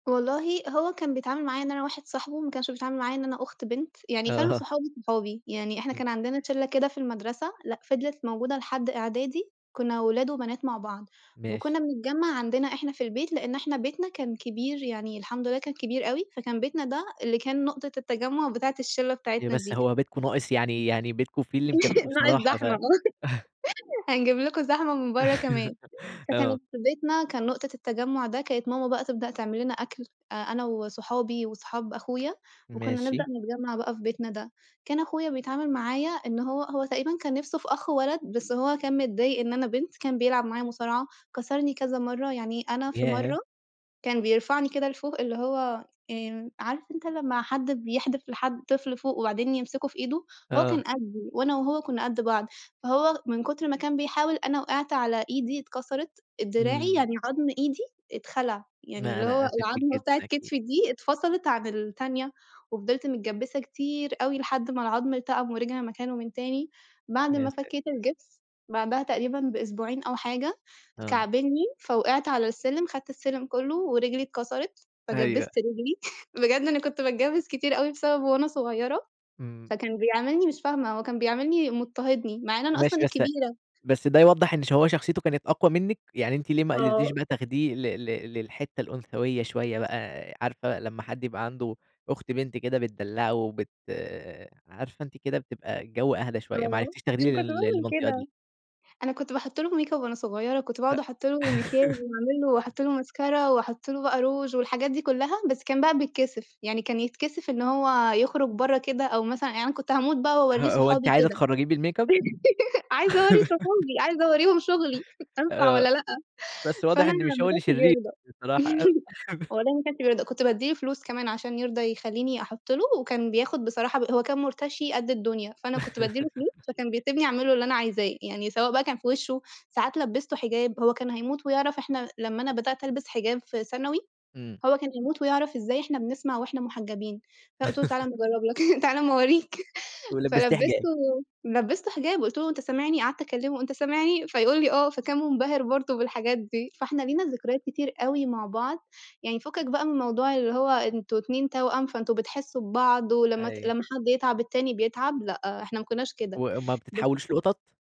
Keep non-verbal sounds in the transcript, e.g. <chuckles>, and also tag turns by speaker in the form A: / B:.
A: والله هو كان بيتعامل معايا إن أنا واحد صاحبه، ما كانش بيتعامل معايا إن أنا أخت بنت، يعني كانوا
B: أها.
A: صحابه صحابي، يعني إحنا
B: إمم.
A: كان عندنا ت شلّة كده في المدرسة لأ فضلت موجودة لحد إعدادي كنّا ولاد وبنات مع بعض،
B: ماشي.
A: وكنّا بنجمع عندنا إحنا في البيت لإن احنا بيتنا كان كبير، يعني الحمد لله كان كبير أوي فكان بيتنا ده اللي كان نقطة التجمع بتاعة الشلّة
B: أيوه
A: بتاعتنا
B: بس
A: دي.
B: هو بيتكم ناقص يعني يعني بيتكم فيه اللي مكفّيه
A: <laughs> مع
B: بصراحة ف
A: الزحمة
B: <chuckles>
A: <laughs> هنجيب لكم زحمة من برّا كمان،
B: <laughs> آه.
A: فكانت في بيتنا كان نقطة التجمع ده كانت ماما بقى تبدأ تعملنا أكل آآ، أنا وصحابي وصحاب أخويا وكنّا نبدأ
B: ماشي.
A: نتجمع بقى في بيتنا ده، كان اخويا بيتعامل معايا إنه هو هو تقريبًا كان نفسه في أخ ولد بس هو كان متضايق إن أنا بنت، كان بيلعب معايا مصارعة، كسرني كذا مرّة، يعني أنا في
B: ياه!
A: مرّة كان بيرفعني كده لفوق اللي هو آمم، عارف أنت لمّا حد بيحدف لحد طفل فوق وبعدين يمسكوه في إيده؟ هو كان
B: آه.
A: قدّي وأنا وهو كنّا قد بعض فهو من كتر ما كان بيحاول أنا وقعت على إيدي اتكسرت، دراعي
B: إمم.
A: يعني عضم إيدي اتخلع، يعني
B: لأ،
A: اللي هو
B: أنا آسف لِك
A: العضمة
B: جدًا
A: بتاعة
B: أكيد.
A: كتفي دي اتفصلت عن التانية، وفضلت متجبّسة كتير أوي لحد ما العضم التأم ورجع مكانه من تاني، بعد
B: يا
A: ما
B: سا
A: فكيت الجبس بعدها تقريبًا بأسبوعين أو حاجة،
B: آه.
A: كعبلني فوقعت على السلم خدت السلم كلّه ورجلي اتكسرت،
B: أيوه.
A: فجبّست رجلي، <chuckles> بجد أنا كنت باتجبّس كتير أوي بسببه وانا صغيّرة،
B: إمم.
A: فكان بيعاملني مش فاهمة هو كان بيعاملني مضطهدني، مع إن أنا أصلًا
B: ماشي بس
A: الكبيرة.
B: بس ده يوضّح إن شو شخصيته كانت أقوى منِّك؟ يعني أنتِ ليه ما قدرتيش
A: آه.
B: بقى تاخديه ل ل للحتة الأنثوية شوية بقى، عارفة لمّا حد يبقى عنده أخت بنت كده بتدلعوه بت عارفة أنتِ كده بتبقى الجو أهدي شوية ما
A: آه،
B: عرفتيش
A: عشان
B: تاخدي
A: كنت
B: لل
A: باعمل
B: للمنطقة دي؟
A: كده، أنا كنت باحط له ميك أب وأنا صغيّرة كنت
B: هأ
A: باقعُد احط له مكياج
B: <laughs>
A: واعمل له واحط له ماسكارا واحط له بقى روج والحاجات دي كلّها، بس كان بقى بيتكسف يعني كان يتكسف إن هو يخرج برّا كده أو مثلًا يعن أنا كنت هاموت بقى واورّيه
B: هو أنتِ
A: صحابي
B: عايزة
A: وكده،
B: تخرجيه بالميك أب؟
A: <laughs> عايزة أورّي صحابي عايزة أورّيهم شغلي أنفع
B: آآ،
A: والّا لأ؟
B: بس واضح
A: فأنا
B: إن مش هو
A: ما
B: اللي
A: كانش
B: شرير
A: بيرضى
B: بصراحة أوي أهب
A: <laughs>
B: <chuckles>
A: والله ما كانش بيرضى كنت بادّي له فلوس كمان عشان يرضى يخلّيني أحط له، وكان بياخد بصراحة ب هو كان مُرتشي قد الدنيا، فأنا كنت بادّي له فلوس
B: <laughs>
A: فكان بيسيبني اعمل له اللي أنا عايزاه، يعني سواء بقى كان في وشه، ساعات لبّسته حجاب هو كان هموت ويعرف إحنا لمّا أنا بدأت ألبس حجاب في ثانوي
B: إمم.
A: هو كان يموت ويعرف ازاي إحنا بنسمع وإحنا محجبين، فأنا قُلت له تعالَ أمّا
B: <laughs>
A: اجرّب لك <chuckles> تعالَ أمّا اورّيك،
B: ولبّستيه حجاب.
A: فلبّسته لبّسته حجاب وقُلت له: "أنت سامعني" قعدت اكلمه أنت سامعني فيقول لي آه، فكان مُنبهر برضه بالحاجات دي فاحنا
B: <unintelligible>
A: لينا ذكريات كتير أوي مع بعض. يعني فكك بقى من موضوع اللي هو أنتم اتنين توأم فأنتم بتحسوا ببعض ولمّا ت
B: أيو
A: لمّا حد بيتعب التاني بيتعب لأ إحنا ما كناش كده،
B: وأ ما
A: بس
B: بتتحوليش لقطط؟